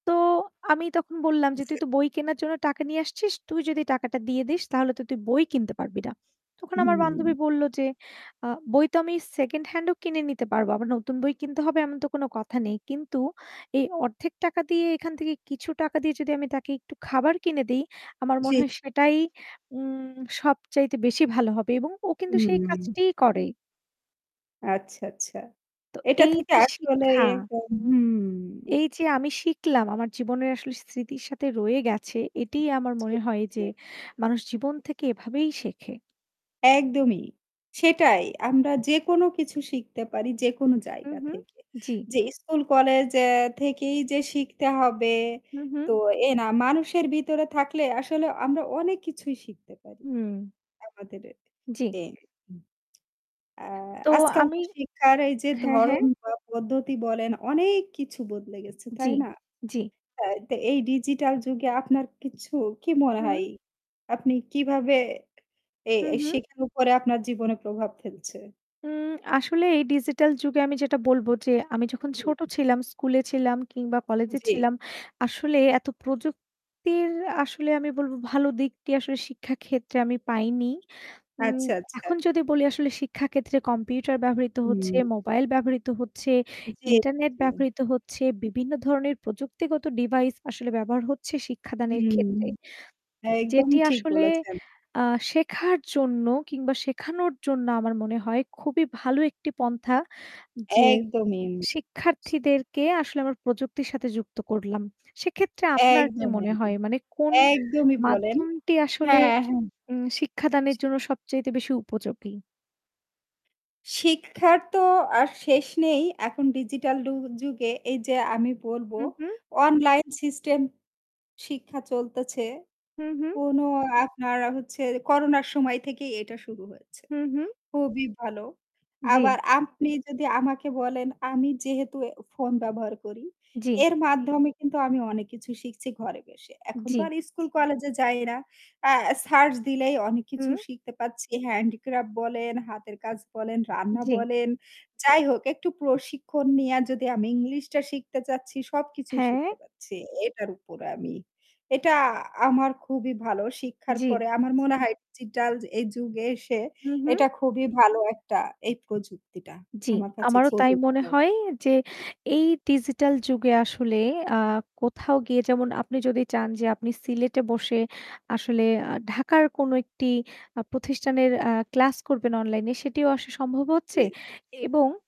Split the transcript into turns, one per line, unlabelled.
তো আমি তখন বললাম যে "তুই তো বই কেনার জন্য টাকা নিয়ে আসছিস, তুই যদি এই টাকাটা দিয়ে দিস তাহলে তো তুই বই কিনতে পারবি না।" তখন আমার বান্ধবী
উম।
বলল যে আ "বই তো আমি সেকেন্ড হ্যান্ড ও কিনে নিতে পারবো। আবার নতুন বই কিনতে হবে এমন তো কোনো কথা নেই। কিন্তু এই অর্ধেক টাকা দিয়ে এইখান থেকে কিছু টাকা দিয়ে যদি আমি তাকে একটু খাবার কিনে দে, ই আমার
জি।
মনে হয় সেটাই উম সবচাইতে বেশি ভালো হবে" এবং ও কিন্তু সেই
উম।
কাজটি করে।
আচ্ছা, আচ্ছা।
তো
এটা
এই
থেকে
যে
আসলে
শিক্ষা
এরকম হুম।
এই যে আমি শিখলাম, আমার জীবনের আসলে স্মৃতির সাথে রয়ে গেছে এটিই আমার
জি,
মনে হয়
জি।
যে মানুষ জীবন থেকে এভাবেই শেখে।
একদমই। সেটাই। আমরা যে কোনো কিছু শিখতে পারি যে কোনো
হু,
জায়গা
হু,
থেকে।
জি।
যে স্কুল কলেজ অ্যা থেকেই যে শিখতে হবে
হু, হু।
তো এ না। মানুষের ভিতরে থাকলে আসলে আমরা অনেক কিছুই শিখতে পারি।
হুম।
আমাদের
জি।
এ এম আ
তো
আজকাল
আমি
তো শিক্ষার এই যে
হ্যাঁ, হ্যাঁ।
ধরন বা পদ্ধতি বলেন, অনেক কিছু বদলে গেছে
জি,
তাই না?
জি।
হ্যাঁ, তে এই ডিজিটাল যুগে আপনার কিছু কি মনে হয়?
হু।
আপনি কিভাবে এই
হু,
এই
হু।
শেখার উপরে আপনার জীবনে প্রভাব ফেলছে?
উম আসলে এই ডিজিটাল যুগে আমি যেটা বলবো যে আমি যখন
হু,
ছোটো
হু।
ছিলাম, স্কুলে ছিলাম কিংবা কলেজে
জি।
ছিলাম। আসলে এত প্রযুক্তির আসলে আমি বলবো ভালো দিকটি আসলে শিক্ষাক্ষেত্রে আমি পাইনি। উম
আচ্ছা, আচ্ছা।
এখন যদি বলি আসলে শিক্ষাক্ষেত্রে কম্পিউটার ব্যবহৃত হচ্ছে,
হু।
মোবাইল ব্যবহৃত হচ্ছে,
জি,
ইন্টারনেট
জি।
ব্যবহৃত হচ্ছে, বিভিন্ন ধরনের প্রযুক্তিগত ডিভাইস আসলে ব্যবহার হচ্ছে শিক্ষাদানের
হুম।
ক্ষেত্রে।
একদম
যেটি
ঠিক
আসলে
বলেছেন।
আ শেখার জন্য কিংবা শেখানোর জন্য আমার মনে হয় খুবই ভালো একটি পন্থা। যে
একদমই।
শিক্ষার্থীদেরকে আসলে আমার প্রযুক্তির সাথে যুক্ত করলাম। সেক্ষেত্রে আপনার কি
একদমই,
মনে হয়? মানে কোন
একদমই বলেন।
মাধ্যমটি আসলে
হ্যাঁ, হ্যাঁ।
উম শিক্ষাদানের জন্য সবচাইতে বেশি উপযোগী।
শিক্ষার তো আর শেষ নেই। এখন ডিজিটাল ডু যুগে এই যে আমি বলবো
হু, হু।
অনলাইন সিস্টেম শিক্ষা চলতেছে।
হু, হু।
কোনো আপনার হচ্ছে করোনার সময় থেকেই এটা শুরু হয়েছে,
হু, হু।
খুবই ভালো।
জি।
আবার আপনি যদি আমাকে বলেন আমি যেহেতু এ ফোন ব্যবহার করি।
জি।
এর মাধ্যমে কিন্তু আমি অনেক কিছু শিখছি ঘরে বসে। এখন তো
জি।
আর স্কুল কলেজে যাই না। অ্যা সার্চ দিলেই অনেক কিছু
হু।
শিখতে পাচ্ছি। handicraft বলেন, হাতের কাজ বলেন, রান্না
জি।
বলেন। যাই হোক একটু প্রশিক্ষণ নিয়া যদি আমি ইংলিশটা শিখতে চাচ্ছি সবকিছুই
হ্যাঁ।
শিখতে পারছি এটার উপরে আমি। এটা আ আমার খুবই ভালো শিক্ষার
জি।
পরে আমার মনে হয় ডিজিটাল এই যুগে এসে
হু, হু।
এটা খুবই ভালো একটা এই প্রযুক্তিটা।
জি।
আমার কাছে
আমারও তাই
খুবই
মনে
ভালো
হয় যে এই ডিজিটাল যুগে আসলে আ কোথাও গিয়ে যেমন আপনি যদি চান যে আপনি সিলেটে বসে আসলে আ ঢাকার কোনো একটি আ প্রতিষ্ঠানের অ্যা ক্লাস করবেন অনলাইনে, সেটিও আসলে সম্ভব হচ্ছে।
জি।
এবং